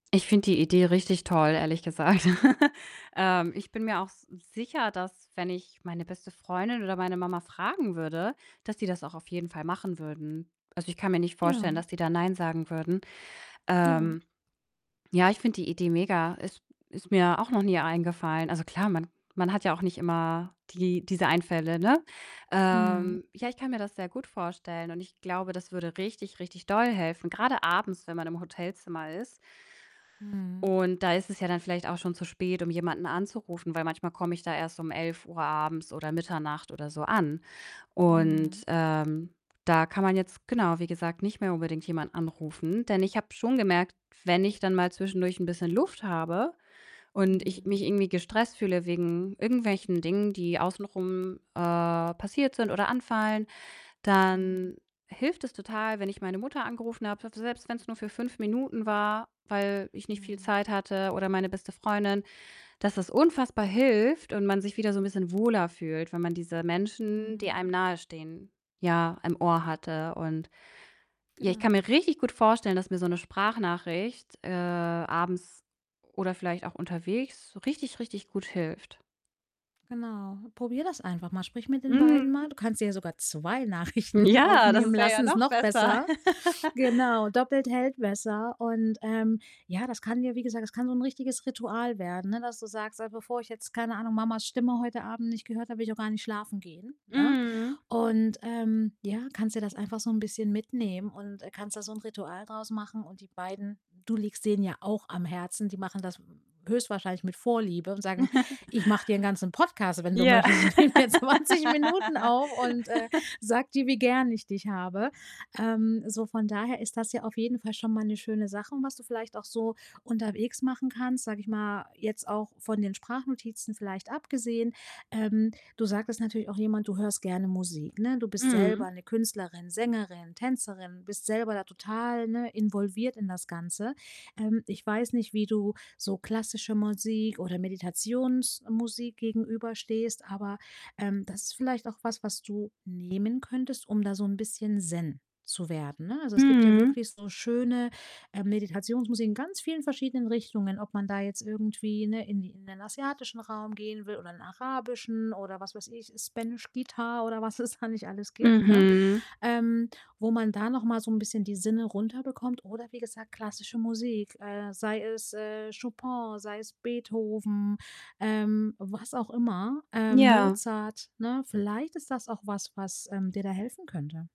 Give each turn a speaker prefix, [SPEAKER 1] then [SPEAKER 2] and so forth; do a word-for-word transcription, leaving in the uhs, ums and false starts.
[SPEAKER 1] Ich finde die Idee richtig toll, ehrlich gesagt. Ähm, ich bin mir auch s sicher, dass, wenn ich meine beste Freundin oder meine Mama fragen würde, dass die das auch auf jeden Fall machen würden. Also, ich kann mir nicht vorstellen,
[SPEAKER 2] Ja.
[SPEAKER 1] dass die da nein sagen würden.
[SPEAKER 2] Ja.
[SPEAKER 1] Ähm, ja, ich finde die Idee mega. Es ist mir auch noch nie eingefallen. Also, klar, man man hat ja auch nicht immer die diese Einfälle, ne?
[SPEAKER 2] Mhm.
[SPEAKER 1] Ähm, ja, ich kann mir das sehr gut vorstellen und ich glaube, das würde richtig, richtig doll helfen, grade abends, wenn man im Hotelzimmer ist.
[SPEAKER 2] Mhm.
[SPEAKER 1] Und da ist es ja dann vielleicht auch schon zu spät, um jemanden anzurufen, weil manchmal komme ich da erst um elf Uhr abends oder Mitternacht oder so an. Und,
[SPEAKER 2] Mhm.
[SPEAKER 1] ähm, da kann man jetzt, genau, wie gesagt, nicht mehr unbedingt jemanden anrufen. Denn ich habe schon gemerkt, wenn ich dann mal zwischendurch 'n bisschen Luft habe und ich
[SPEAKER 2] Mhm.
[SPEAKER 1] mich irgendwie gestresst fühle wegen irgendwelchen Dingen, die außen rum, äh, passiert sind oder anfallen,
[SPEAKER 2] Mhm.
[SPEAKER 1] dann hilft es total, wenn ich meine Mutter angerufen habe, fü selbst wenn's nur für fünf Minuten war, weil ich nicht viel
[SPEAKER 2] Mhm.
[SPEAKER 1] Zeit hatte oder meine beste Freundin dass das unfassbar hilft und man sich wieder so 'n bisschen wohler fühlt, wenn man diese Menschen, die
[SPEAKER 2] Mhm.
[SPEAKER 1] einem nahe stehen, ja, im Ohr hatte. Und, ja, ich kann mir
[SPEAKER 2] Genau.
[SPEAKER 1] richtig gut vorstellen, dass mir so 'ne Sprachnachricht, äh, abends oder vielleicht auch unterwegs so richtig, richtig gut hilft.
[SPEAKER 2] Genau, probier das einfach mal, sprich mit den beiden mal.
[SPEAKER 1] Mhm.
[SPEAKER 2] Du kannst dir sogar zwei Nachrichten
[SPEAKER 1] Ja, das
[SPEAKER 2] aufnehmen
[SPEAKER 1] wäre ja
[SPEAKER 2] lassen, ist
[SPEAKER 1] noch
[SPEAKER 2] noch
[SPEAKER 1] besser.
[SPEAKER 2] besser. Genau, doppelt hält besser. Und, ähm, ja, das kann ja wie gesagt, das kann so 'n richtiges Ritual werden, ne, dass du sagst: „Also, bevor ich jetzt, keine Ahnung, Mamas Stimme heute Abend nicht gehört habe, will ich auch gar nicht schlafen gehen“, ne?
[SPEAKER 1] Mhm.
[SPEAKER 2] Und, ähm, ja, kannst dir das einfach so 'n bisschen mitnehmen und, äh, kannst da so 'n Ritual draus machen. Und die beiden du liegst denen ja auch am Herzen, die machen das, hm, höchstwahrscheinlich mit Vorliebe und sagen: „Ich mache dir 'n ganzen Podcast, wenn du
[SPEAKER 1] Ja.
[SPEAKER 2] möchtest. Ich nehme hier zwanzig Minuten auf und, äh, sage dir, wie gern ich dich habe.“ Ähm, so, von daher ist das ja auf jeden Fall schon mal 'ne schöne Sache, was du vielleicht auch so unterwegs machen kannst, sage ich mal, jetzt auch von den Sprachnotizen vielleicht abgesehen. Ähm, du sagtest natürlich auch jemand du hörst gerne Musik, ne? Du bist selber
[SPEAKER 1] Mhm.
[SPEAKER 2] 'ne Künstlerin, Sängerin, Tänzerin, bist selber da total, ne, involviert in das Ganze. Ähm, ich weiß nicht, wie du so klassische Musik oder Meditationsmusik gegenüberstehst, aber, ähm, das ist vielleicht auch was, was du nehmen könntest, um da so 'n bisschen Zen zu werden, ne? Also, es gibt ja
[SPEAKER 1] Mhm.
[SPEAKER 2] wirklich so schöne, äh, Meditationsmusik in ganz vielen verschiedenen Richtungen, ob man da jetzt irgendwie, ne, in die in den asiatischen Raum gehen will oder in den arabischen oder was weiß ich, Spanish guitar oder was es da nicht alles gibt, ne?
[SPEAKER 1] Mhm.
[SPEAKER 2] Ähm, wo man da noch mal so 'n bisschen die Sinne runter bekommt. Oder wie gesagt, klassische Musik, äh, sei es, äh, Chopin, sei es Beethoven, ähm, was auch immer, äh,
[SPEAKER 1] Ja.
[SPEAKER 2] Mozart, ne? Vielleicht ist das auch was, was, ähm, dir da helfen könnte.